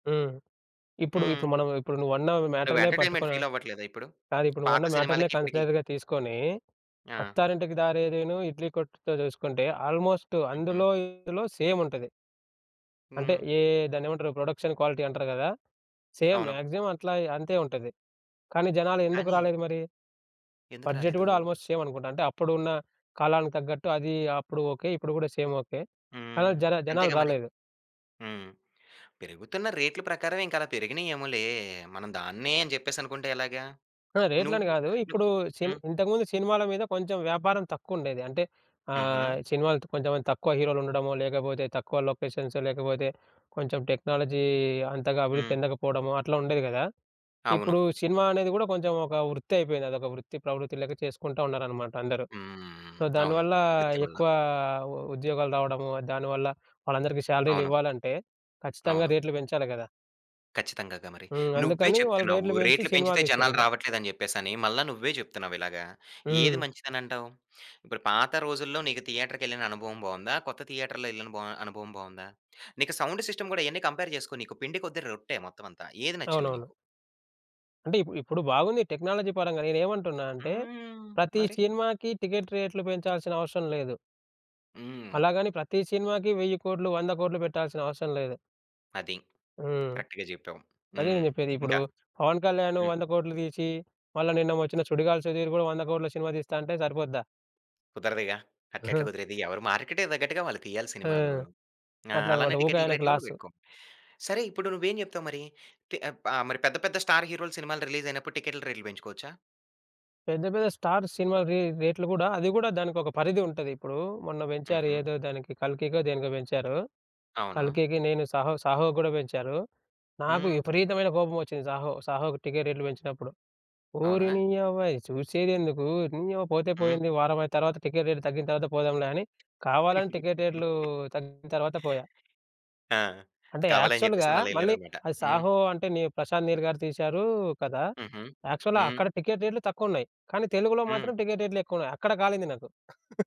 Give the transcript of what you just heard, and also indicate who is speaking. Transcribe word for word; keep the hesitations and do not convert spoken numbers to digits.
Speaker 1: హ్మ్. ఇప్పుడు ఇప్పుడు
Speaker 2: హ్మ్.
Speaker 1: మనం ఇప్పుడు నువ్వన్నావు ఈ
Speaker 2: నువ్వు
Speaker 1: మ్యాటర్‌నే
Speaker 2: ఎంటర్టైన్మెంట్
Speaker 1: పట్టుకొనా?
Speaker 2: ఫీల్ అవ్వట్లేదా ఇప్పుడు?
Speaker 1: కాదు, ఇప్పుడు
Speaker 2: పాత
Speaker 1: నువ్వన్న మ్యాటర్‌నే
Speaker 2: సినిమాలకి ఇప్పడికి?
Speaker 1: కన్సిడర్‌గా తీసుకొని,
Speaker 2: ఆ!
Speaker 1: అత్తారింటికి దారేదిను, ఇడ్లీ కొట్టుతో జూసుకుంటే ఆల్మోస్ట్
Speaker 2: హుహు.
Speaker 1: అందులో ఇందులో సేమ్ ఉంటది. అంటే
Speaker 2: హ్మ్.
Speaker 1: ఏ దాన్నేమంటారు ప్రొడక్షన్ క్వాలిటీ అంటారు గదా! సేమ్.
Speaker 2: అవును.
Speaker 1: మాక్సిమం అట్లగే అంతే ఉంటది. కానీ జనాలు ఎందుకు
Speaker 2: కానీ
Speaker 1: రాలేదు మరి?
Speaker 2: ఎందుకు
Speaker 1: బడ్జెట్
Speaker 2: రాలేదు?
Speaker 1: గూడా ఆల్మోస్ట్ సేమ్ అనుకుంటా. అంటే అప్పుడున్న కాలానికి తగ్గట్టు అది అప్పుడు ఓకే. ఇప్పుడు గూడా సేమ్ ఓకే. కానీ
Speaker 2: హ్మ్.
Speaker 1: జన జనాలు
Speaker 2: అంతేగా మరి.
Speaker 1: రాలేదు.
Speaker 2: హ్మ్. పెరుగుతున్న రేట్లు ప్రకారమే ఇంకలా పెరిగినయేమోలే. మనం దాన్నే అని జెప్పేసనుకుంటే ఎలాగా?
Speaker 1: ఆ! రేట్లని
Speaker 2: నువ్వు
Speaker 1: గాదు.
Speaker 2: ను
Speaker 1: ఇప్పుడు సిన్
Speaker 2: హ్మ్.
Speaker 1: ఇంతకుముందు సినిమాల మీద కొంచెం వ్యాపారం తక్కువుండేది. అంటే
Speaker 2: హుహు.
Speaker 1: ఆహ్, సినిమాలు కొంచెం తక్కువ హీరోలు ఉండడము, లేకపోతే తక్కువ లొకేషన్స్, లేకపోతే కొంచెం టెక్నాలజీ అంతగా అభివృద్ధి
Speaker 2: హ్మ్.
Speaker 1: చెందకపోవడము అట్లా ఉండేది గదా!
Speaker 2: అవును.
Speaker 1: ఇప్పుడు సినిమా అనేది గూడా కొంచెం ఒక వృత్తి అయిపోయింది. అదొక వృత్తి ప్రవృత్తి లెక్క చేసుకుంటా ఉన్నారనమాట అందరు.
Speaker 2: హ్మ్.
Speaker 1: సో,
Speaker 2: అవును.
Speaker 1: దానివల్ల
Speaker 2: వృత్తి వల్ల.
Speaker 1: ఎక్కువ ఉ ఉద్యోగాలు రావడము, దానివల్ల వాళ్ళందరికీ
Speaker 2: అవును.
Speaker 1: శాలరీలివ్వాలంటే ఖచ్చితంగా
Speaker 2: అవును.
Speaker 1: రేట్లు పెంచాలి గదా!
Speaker 2: ఖచ్చితంగాగా మరి.
Speaker 1: హ్మ్.
Speaker 2: నువ్వే
Speaker 1: అందుకని వాళ్ళు
Speaker 2: చెప్తున్నావు
Speaker 1: రేట్లు బెంచి
Speaker 2: రేట్లు
Speaker 1: సినిమాలు
Speaker 2: పెంచితే జనాలు
Speaker 1: తీస్తుర్రిగ.
Speaker 2: రావట్లేదని జెప్పేసని. మళ్ళా నువ్వే జెప్తున్నావిలాగ. ఏది
Speaker 1: హ్మ్.
Speaker 2: మంచిదనంటావు? ఇప్పుడు పాత రోజుల్లో నీకు థియేటర్‌కెళ్ళిన అనుభవం బావుందా? కొత్త థియేటర్‌లో యెళ్లిన బ అనుభవం బావుందా? నీకు సౌండ్ సిస్టమ్ ఇయన్ని కంపేర్ జేసుకో. నీకు పిండి కొద్ది రొట్టె మొత్తం అంతా. ఏది నచ్చింది
Speaker 1: అవునవును.
Speaker 2: నీకు?
Speaker 1: అంటే ఇపు ఇప్పుడు బాగుంది టెక్నాలజీ పరంగా. నేనేమంటున్నా అంటే,
Speaker 2: హ్మ్.
Speaker 1: ప్రతి
Speaker 2: మరి?
Speaker 1: సినిమాకి టికెట్ రేట్లు పెంచాల్సిన అవసరం లేదు.
Speaker 2: హ్మ్.
Speaker 1: అలాగని ప్రతి సినిమాకి వెయ్యి కోట్లు, వంద కోట్లు బెట్టాల్సిన అవసరం లేదు.
Speaker 2: అది.
Speaker 1: హ్మ్.
Speaker 2: కరెక్ట్‌గా జెప్పావు.
Speaker 1: అదే
Speaker 2: హ్మ్.
Speaker 1: నేను జెప్పేది. ఇప్పుడు
Speaker 2: ఇంకా
Speaker 1: 'పవన్ కళ్యాణ్'
Speaker 2: హ్మ్.
Speaker 1: వంద కోట్లు దీసి, మళ్ళా నిన్న వచ్చిన సుడిగాలి సుధీర్ గూడా వంద కోట్లు సినిమా తీస్తా అంటే సరిపోద్దా?
Speaker 2: కుదరదుగా! అట్లెట్లా కుదిరేది? ఎవరు మార్కెట్‌కి దగ్గట్టుగా వాళ్ళు తీయాలి
Speaker 1: ఆ!
Speaker 2: సినిమాలు. ఆ!
Speaker 1: అట్లా
Speaker 2: అలానే
Speaker 1: అనమాట. ఊకె
Speaker 2: టికెట్ల
Speaker 1: ఆయనకి
Speaker 2: రేట్లు
Speaker 1: లాసు.
Speaker 2: బెట్టుకో. సరే ఇప్పుడు నువ్వేం జెప్తావు మరి? తి ఆహ్, బ మరి పెద్ద పెద్ద స్టార్ హీరోల సినిమాలు రిలీజ్ అయినప్పుడు టికెట్ల రేట్లు బెంచుకోవచ్చా?
Speaker 1: పెద్ద, పెద్ద స్టార్ సినిమా రే రేట్లు గూడా అది గూడా దానికొక పరిధి ఉంటది. ఇప్పుడు మొన్న బెంచారు
Speaker 2: హుహు.
Speaker 1: ఏదో దానికి 'కల్కికో' దేనికో బెంచారు.
Speaker 2: అవును.
Speaker 1: 'కల్కికి' నేను 'సాహో సాహోకి' గూడా బెంచారు, నాకు
Speaker 2: హ్మ్.
Speaker 1: విపరీతమైన కోపమొచ్చింది 'సాహో,' 'సాహోకి' టికెట్ రేట్లు బెంచినప్పుడు. ఓరి
Speaker 2: అవునా?
Speaker 1: నీయవ్వ ఈ సూసేదెందుకు, నీయవ పోతే
Speaker 2: హ్మ్.
Speaker 1: పోయింది వారం అయిన తర్వాత టికెట్ రేట్ తగ్గిన తర్వాత పోదాంలే అని కావాలని టికెట్ రేట్లు తగ్గిన తర్వాత పోయా.
Speaker 2: ఆ!
Speaker 1: అంటే,
Speaker 2: కావాలని
Speaker 1: యాక్చువల్‌గా
Speaker 2: జెప్పేసని అలా
Speaker 1: మళ్ళీ
Speaker 2: యెళ్లారన్నమాట.
Speaker 1: అది
Speaker 2: హ్మ్.
Speaker 1: 'సాహో' అంటే ని ప్రశాంత్ నీల్ గారు తీశారు కదా!
Speaker 2: హుహు.
Speaker 1: యాక్చువల్‌గా
Speaker 2: హ్మ్.
Speaker 1: అక్కడ టికెట్ రేట్లు తక్కువున్నాయి. కానీ తెలుగులో
Speaker 2: హ్మ్.
Speaker 1: మాత్రం టికెట్ రేట్లు ఎక్కువున్నాయి. అక్కడ కాలింది నాకు.